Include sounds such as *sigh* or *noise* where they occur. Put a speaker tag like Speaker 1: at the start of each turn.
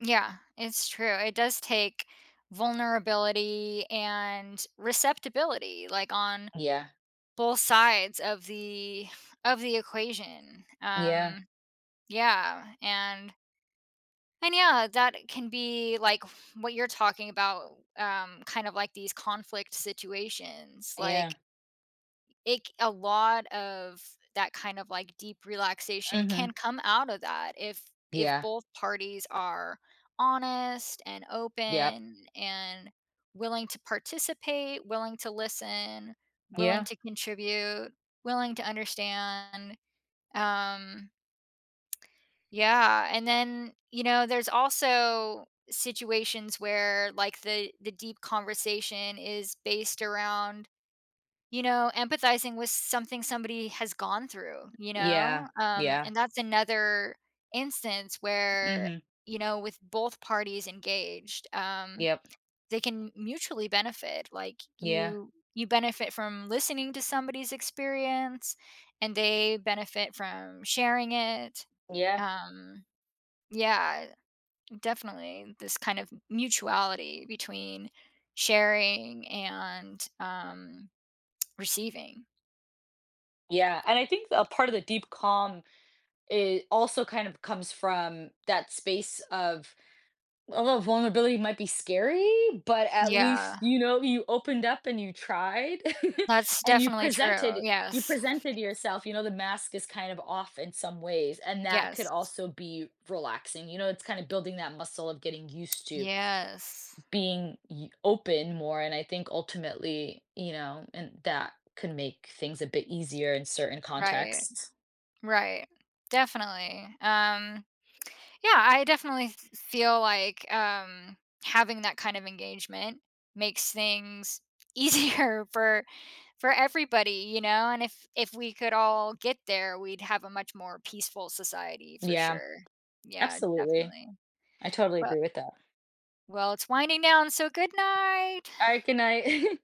Speaker 1: Yeah, it's true. It does take vulnerability and receptibility, like, on
Speaker 2: Yeah.
Speaker 1: both sides of the of the equation.
Speaker 2: Yeah.
Speaker 1: Um, yeah, and and yeah, that can be, like, what you're talking about, um, kind of, like, these conflict situations, like
Speaker 2: Yeah.
Speaker 1: it c a lot of that kind of, like, deep relaxation can
Speaker 2: Mhm.
Speaker 1: come out of that if if
Speaker 2: Yeah.
Speaker 1: both parties are honest and
Speaker 2: Yep.
Speaker 1: open and willing to participate, willing to listen, willing
Speaker 2: Yeah.
Speaker 1: to contribute, willing to understand, um Yeah, and then, you know, there's also situations where, like, the the deep conversation is based around, you know, empathizing with something somebody has gone through, you know,
Speaker 2: Yeah,
Speaker 1: um,
Speaker 2: yeah.
Speaker 1: and that's another instance where,
Speaker 2: Mhm.
Speaker 1: you know, with both parties engaged, um,
Speaker 2: Yep.
Speaker 1: they can mutually benefit, like,
Speaker 2: Yeah.
Speaker 1: you you benefit from listening to somebody's experience, and they benefit from sharing it.
Speaker 2: Yeah.
Speaker 1: Um yeah, definitely this kind of mutuality between sharing and, um, receiving.
Speaker 2: Yeah, and I think a part of the deep calm, it also kind of comes from that space of, although vulnerability might be scary, but, at least,
Speaker 1: Yeah.
Speaker 2: you know, you opened up and you tried *chuckles*
Speaker 1: That's
Speaker 2: and you
Speaker 1: definitely true,
Speaker 2: presented you
Speaker 1: yes.
Speaker 2: presented yourself, you know, the mask is kind of off in some ways, and that could
Speaker 1: Yes.
Speaker 2: also be relaxing, you know, it's kinda building that muscle of getting used to
Speaker 1: Yes.
Speaker 2: being y open more and I think ultimately, you know and that can make things a bit easier in certain
Speaker 1: Right,
Speaker 2: contexts.
Speaker 1: right. Definitely, um, yeah, I definitely feel, like, um, having that kind of engagement makes things easier for for everybody, you know, and if if we could all get there, we'd have a much more peaceful society for
Speaker 2: Yeah,
Speaker 1: sure. Yeah,
Speaker 2: absolutely.
Speaker 1: definitely.
Speaker 2: I totally
Speaker 1: Well
Speaker 2: agree with that.
Speaker 1: well, it's winding down, so good night.
Speaker 2: Alright, good night. *chuckles*